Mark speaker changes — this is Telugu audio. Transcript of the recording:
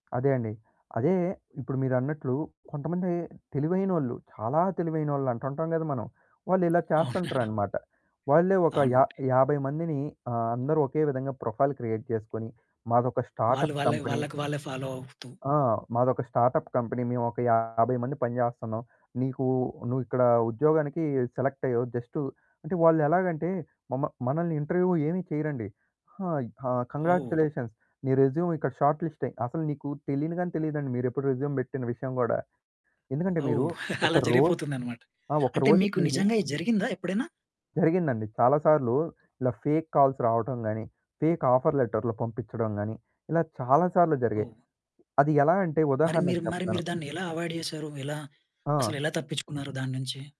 Speaker 1: అదే అండి. అదే ఇప్పుడు మీరన్నట్లు కొంతమంది తెలివైనోళ్ళు, చాలా తెలివైనోళ్ళు అంటుంటాం కదా! మనం వాళ్ళు ఇలా
Speaker 2: అవునా.
Speaker 1: చేస్తుంటరనమాట. వాళ్ళే ఒక యా
Speaker 2: అవునండి.
Speaker 1: యాభై మందిని ఆహ్, అందరూ ఒకే విధంగా ప్రొఫైల్ క్రియేట్ చేసుకొని మాదొక
Speaker 2: వాళ్ళు
Speaker 1: స్టార్టప్
Speaker 2: వాళ్ళె,
Speaker 1: కంపెనీ.
Speaker 2: వాళ్ళకి వాళ్ళే ఫాలో అవుతూ
Speaker 1: ఆ! మాదొక స్టార్టప్ కంపెనీ మేము ఒక 50 మంది పజేచేస్తున్నాం. "నీకు నువ్వు ఇక్కడ ఉద్యోగానికి సెలెక్ట్ అయ్యావు జస్ట్" అంటే వాళ్ళు ఎలాగంటే మమ మనల్ని ఇంటర్వ్యూ ఏమీ చేయరండి. "హాయ్! ఆ!
Speaker 2: ఓహ్!
Speaker 1: కాంగ్రాచ్యులేషన్స్ నీ రెస్యూమ్ ఇక్కడ షార్ట్‌లిస్ట్ అయి" అసలు నీకు తెలియని గాని తెలీదండి మీరె ప్పుడు రెస్యూమ్ పెట్టిన విషయం గూడా. ఎందుకంటే మీరు
Speaker 2: ఓహ్!
Speaker 1: ఒక
Speaker 2: అలా
Speaker 1: రోజు
Speaker 2: జరిగిపోతుందనమాట.
Speaker 1: ఆ!
Speaker 2: అంటే
Speaker 1: ఒకరోజుకి
Speaker 2: మీకు
Speaker 1: మీరు
Speaker 2: నిజంగా ఇది జరిగిందా ఎప్పుడైనా?
Speaker 1: జరిగిందండి. చాలా సార్లు ఇలా ఫేక్ కాల్స్ రావటం గాని, ఫేక్ ఆఫర్ లెటర్లు పంపిచ్చడం గాని ఇలా చాలా సార్లు జరిగాయి.
Speaker 2: ఓహ్!
Speaker 1: అది ఎలా అంటే
Speaker 2: మరి మీరు
Speaker 1: ఉదాహరణకు
Speaker 2: మరి
Speaker 1: చెప్తాను.
Speaker 2: మీరు దాన్ని ఎలా అవాయిడ్ జేసారు? ఎలా?
Speaker 1: ఆ!
Speaker 2: అసలెలా తప్పించుకున్నారు దాని నుంచి.